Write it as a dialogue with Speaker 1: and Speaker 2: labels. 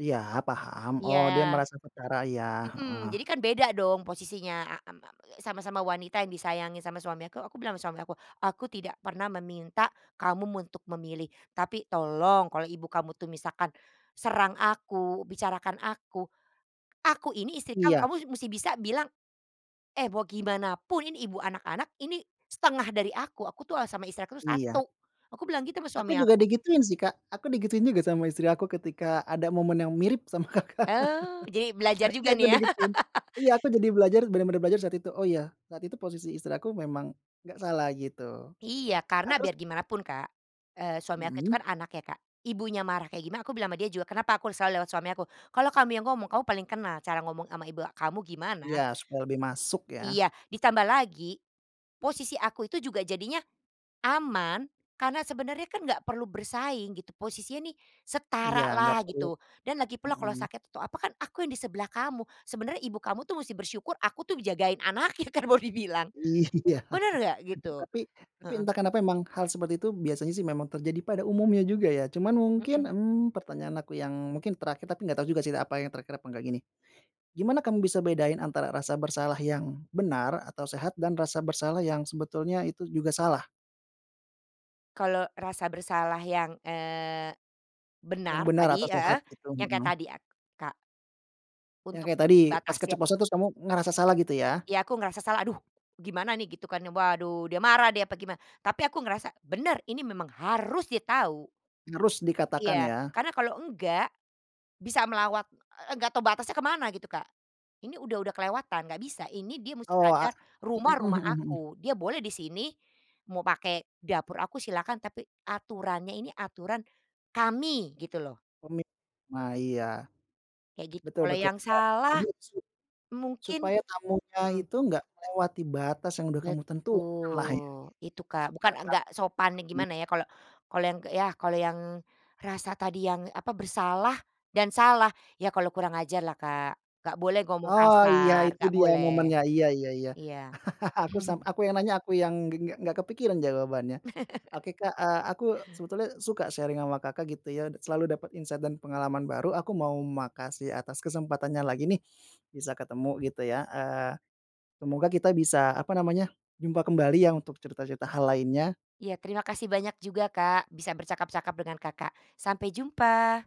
Speaker 1: Iya paham,
Speaker 2: Iya.
Speaker 1: oh dia merasa setara, iya.
Speaker 2: Mhm, jadi
Speaker 1: Heeh.
Speaker 2: kan beda dong posisinya am a a sama-sama wanita yang disayangi sama suami aku aku bilang sama suami aku, "aku tidak pernah meminta kamu untuk memilih, tapi tolong kalau ibu kamu tuh misalkan serang aku, bicarakan aku aku ini istri kamu,
Speaker 1: Iya.
Speaker 2: kamu mesti bisa bilang, eh bagaimanapun ini ibu anak-anak, ini setengah dari aku. Aku tuh sama istri aku tuh
Speaker 1: Iya.
Speaker 2: satu" aku bilang gitu sama suami
Speaker 1: Aku juga
Speaker 2: aku.
Speaker 1: di gituin sih, Kak, aku di gituin juga sama istri aku ketika ada momen yang mirip sama Kakak,
Speaker 2: Oh, jadi belajar
Speaker 1: iya
Speaker 2: juga
Speaker 1: aku di
Speaker 2: nih ya.
Speaker 1: gituin, iya aku jadi belajar benar benar belajar saat itu, oh ya saat itu posisi istri aku memang nggak salah gitu.
Speaker 2: Iya,
Speaker 1: Nah
Speaker 2: karena
Speaker 1: terus
Speaker 2: biar gimana pun, Kak, eee, suami aku itu
Speaker 1: Mhm.
Speaker 2: kan anak ya, Kak, ibunya marah kayak gimana aku bilang sama dia juga kenapa aku selalu lewat suami aku, "kalau kamu yang ngomong, kamu paling kenal cara ngomong sama ibu kamu
Speaker 1: Iya,
Speaker 2: gimana".
Speaker 1: supaya lebih masuk ya.
Speaker 2: Iya, ditambah lagi, posisi aku itu juga jadinya aman, karena sebenarnya kan nggak perlu bersaing gitu, posisinya nih
Speaker 1: Iya
Speaker 2: setara
Speaker 1: nggak
Speaker 2: lah
Speaker 1: perlu.
Speaker 2: gitu. "Dan lagi pula kalau
Speaker 1: Mhm.
Speaker 2: sakit atau apa kan aku yang di sebelah kamu, sebenarnya ibu kamu tuh mesti bersyukur, aku tuh ngejagain anaknya" kan mau dibilang,
Speaker 1: Iya,
Speaker 2: benar nggak, gitu?
Speaker 1: tapi tapi
Speaker 2: Heeh.
Speaker 1: entah kenapa memang hal seperti itu biasanya sih memang terjadi pada umumnya juga ya. Cuman mungkin,
Speaker 2: Mhm.
Speaker 1: mmm, pertanyaan aku yang mungkin terakhir, tapi nggak tau juga sih apa yang terakhir apa nggak gini, gimana kamu bisa bedain antara rasa bersalah yang benar atau sehat dan rasa bersalah yang sebetulnya itu juga salah?
Speaker 2: Kalau rasa bersalah yang, eee,
Speaker 1: Yang
Speaker 2: benar
Speaker 1: benar atau
Speaker 2: tadi,
Speaker 1: sehat
Speaker 2: heeh,
Speaker 1: gitu,
Speaker 2: yang kayak
Speaker 1: mhm.
Speaker 2: tadi ak Kak.
Speaker 1: Yang
Speaker 2: Untuk
Speaker 1: kayak tadi, pas
Speaker 2: batasnya.
Speaker 1: keceplosan kamu ngerasa salah gitu ya.
Speaker 2: Iya aku ngerasa salah, "aduh! Gimana nih" gitu kan, waduh, dia marah, dia apa gimana, tapi aku ngerasa benar ini, memang harus dia tahu.
Speaker 1: Harus
Speaker 2: Iya,
Speaker 1: dikatakan ya.
Speaker 2: karena kalau enggak, bisa melawat e e enggak tahu batasnya kemana gitu, Kak. Ini udah udah kelewatan, enggak bisa, ini dia musti
Speaker 1: Oh a
Speaker 2: sadar, rumah
Speaker 1: mhm
Speaker 2: rumah
Speaker 1: mhm mhm.
Speaker 2: aku. Dia boleh di sini, mau pakai dapur aku silakan, tapi aturannya ini aturan kami gitu loh.
Speaker 1: Komit nah iya.
Speaker 2: Kayak gitu,
Speaker 1: Betul
Speaker 2: kalau
Speaker 1: betul,
Speaker 2: yang
Speaker 1: jadi
Speaker 2: salah,
Speaker 1: su
Speaker 2: mungkin
Speaker 1: supaya tamunya
Speaker 2: mhm.
Speaker 1: itu nggak melewati batas yang sudah kamu tentukan lah ya
Speaker 2: Betul, itu, Kak,
Speaker 1: gitu.
Speaker 2: bukan nggak sopan gimana
Speaker 1: [unintelligible]
Speaker 2: ya, kalau kalau yang, ya kalau yang rasa tadi yang apa bersalah dan salah, ya kalau kurang ajarlah, Kak, nggak boleh ngomong
Speaker 1: Oh iya,
Speaker 2: kasar,
Speaker 1: itu
Speaker 2: nggak
Speaker 1: dia
Speaker 2: boleh.
Speaker 1: momennya, iya iya iya.
Speaker 2: Iya.
Speaker 1: Aku sam aku yang nanya aku yang ng ngg nggak kepikiran jawabannya. Oke, Kak, eee, aku sebetulnya suka sharing sama Kakak gitu ya, selalu dapat insight dan pengalaman baru, aku mau makasih atas kesempatannya lagi nih, bisa ketemu gitu ya, eee, semoga kita bisa, apa namanya, jumpa kembali ya untuk cerita-cerita hal lainnya.
Speaker 2: Ya terima kasih banyak juga, Kak, bisa bercakap-cakap dengan Kakak. Sampai jumpa.